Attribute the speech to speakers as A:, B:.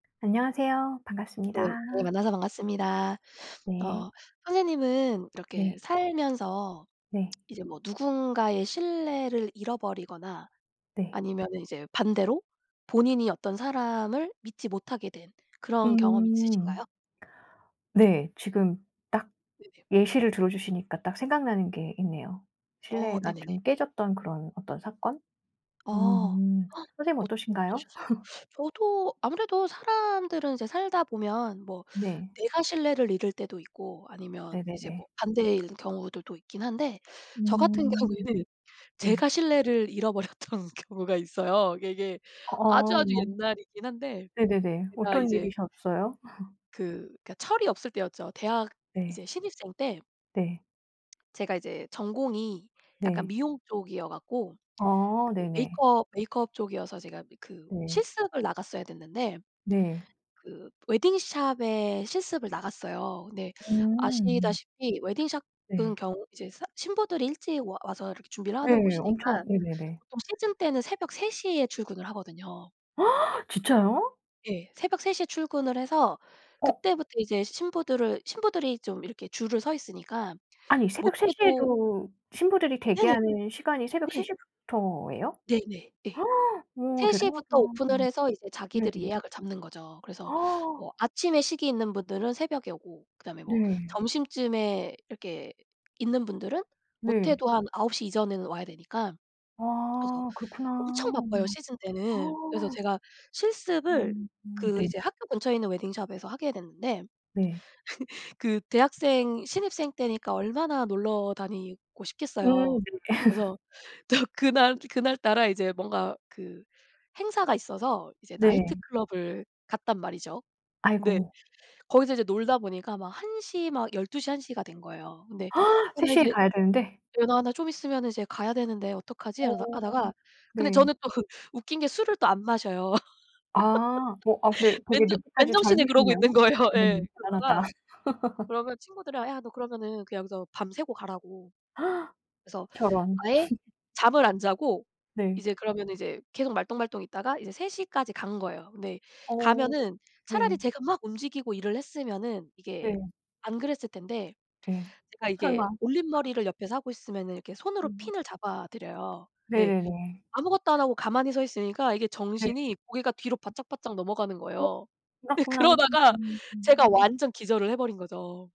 A: 안녕하세요.
B: 음
A: 반갑습니다.
B: 어 만나서 반갑습니다.
A: 네.
B: 어 선생님은 이렇게
A: 네.
B: 살면서
A: 네.
B: 이제 뭐 누군가의 신뢰를 잃어버리거나
A: 네.
B: 아니면은 이제 반대로 본인이 어떤 사람을 믿지 못하게 된 그런 경험이
A: 음.
B: 있으신가요?
A: 네. 지금 딱
B: 네네.
A: 예시를 들어주시니까 딱 생각나는 게 있네요.
B: 어
A: 신뢰가
B: 네네네.
A: 좀 깨졌던 그런 어떤 사건?
B: 아
A: 음 선생님은
B: 어
A: 어떠신가요?
B: 어떠셨어요? 저도 아무래도 사람들은 이제 살다보면 뭐
A: 네.
B: 내가 신뢰를 잃을 때도 있고 아니면 이제
A: 네네네.
B: 뭐 반대일 경우들도 있긴 한데 저같은
A: 음
B: 경우에는
A: 네.
B: 제가 신뢰를 잃어버렸던 경우가 있어요. 이게, 이게
A: 어
B: 아주아주 옛날이긴 한데
A: 네네네.
B: 제가
A: 어떤
B: 이제
A: 일이셨어요?
B: 그 그니까 철이 없을 때였죠. 대학
A: 네.
B: 이제 신입생 때
A: 네.
B: 제가 이제 전공이 약간
A: 네.
B: 미용 쪽이어갖고
A: 어
B: 그
A: 네네.
B: 메이크업 메이크업 쪽이어서 제가 뭐 그
A: 네.
B: 실습을 나갔어야 됐는데
A: 네.
B: 그 웨딩샵에 실습을 나갔어요. 근데
A: 음.
B: 아시다시피 웨딩샵은
A: 네.
B: 경우 이제 산 신부들이 일찍 와 와서 이렇게 준비를 하는
A: 예. 엄청
B: 곳이니까
A: 네네네.
B: 보통 시즌 때는 새벽 3:00 에 출근을 하거든요.
A: 진짜요?
B: 예. 새벽 3:00 에 출근을 해서
A: 어.
B: 그때부터 이제 신부들을 신부들이 좀 이렇게 줄을 서 있으니까
A: 아니 새벽 3:00
B: 못해도
A: 에도 신부들이
B: 네네.
A: 대기하는 시간이 새벽 세
B: 네.
A: 시 부터예요?
B: 네네. 예.
A: 어
B: 3:00
A: 대단하다.
B: 부터 오픈을 해서 이제
A: 네.
B: 자기들이 예약을 잡는 거죠. 그래서 뭐 아침에 식이 있는 분들은 새벽에 오고 그다음에 뭐
A: 네.
B: 점심쯤에 이렇게 있는 분들은
A: 네.
B: 못해도 한 9:00 이전에는 와야 되니까. 그래서
A: 아 그렇구나.
B: 엄청 바빠요 시즌 때는. 그래서 제가 실습을
A: 음
B: 그
A: 네.
B: 이제 학교 근처에 있는 웨딩샵에서 하게 됐는데
A: 네.
B: 그 대학생 신입생 때니까 얼마나 놀러 다니고 싶겠어요.
A: 음 네.
B: 그래서 또 그날 그날따라 이제 뭔가 그 행사가 있어서 이제
A: 네.
B: 나이트클럽을 갔단 말이죠. 근데
A: 아이고.
B: 거기서 이제 놀다 보니까 막 1:00 막 12:00 1:00 가 된 거예요. 근데 "어
A: 세
B: 나
A: 시 에
B: 이제
A: 가야 되는데?
B: 예은아 나 좀 있으면 이제 가야 되는데 어떡하지?"
A: 어
B: 하다 하다가 근데
A: 네.
B: 저는 또 웃긴 게 술을 안 마셔요.
A: 아. 뭐 아 근데 되게
B: 맨정
A: 늦게까지,
B: 맨정신에 그러고 있는
A: 젊으시네요.
B: 거예요. 예.
A: 음 대단하다.
B: 그러다가. 그러면 친구들이랑 "야 너 그러면은 그냥 여기서 밤새고 가라."고. 그래서
A: 저런.
B: 아예 잠을 안 자고
A: 네.
B: 이제 그러면은 이제 계속 말똥말똥 있다가 이제 3:00 까지 간 거예요. 근데
A: 어
B: 가면은 차라리
A: 네.
B: 제가 막 움직이고 일을 했으면은 이게
A: 네.
B: 안 그랬을 텐데
A: 네.
B: 제가 이게
A: 설마.
B: 올림머리를 옆에서 하고 있으면은 이렇게 손으로
A: 음.
B: 핀을 잡아 드려요. 네.
A: 네네네.
B: 아무것도 안 하고 가만히 서 있으니까 이게
A: 네.
B: 정신이 고개가 뒤로 바짝바짝 넘어가는
A: 오
B: 거예요. 근데
A: 그렇구나.
B: 그러다가 제가
A: 음.
B: 완전 기절을 해 버린 거죠.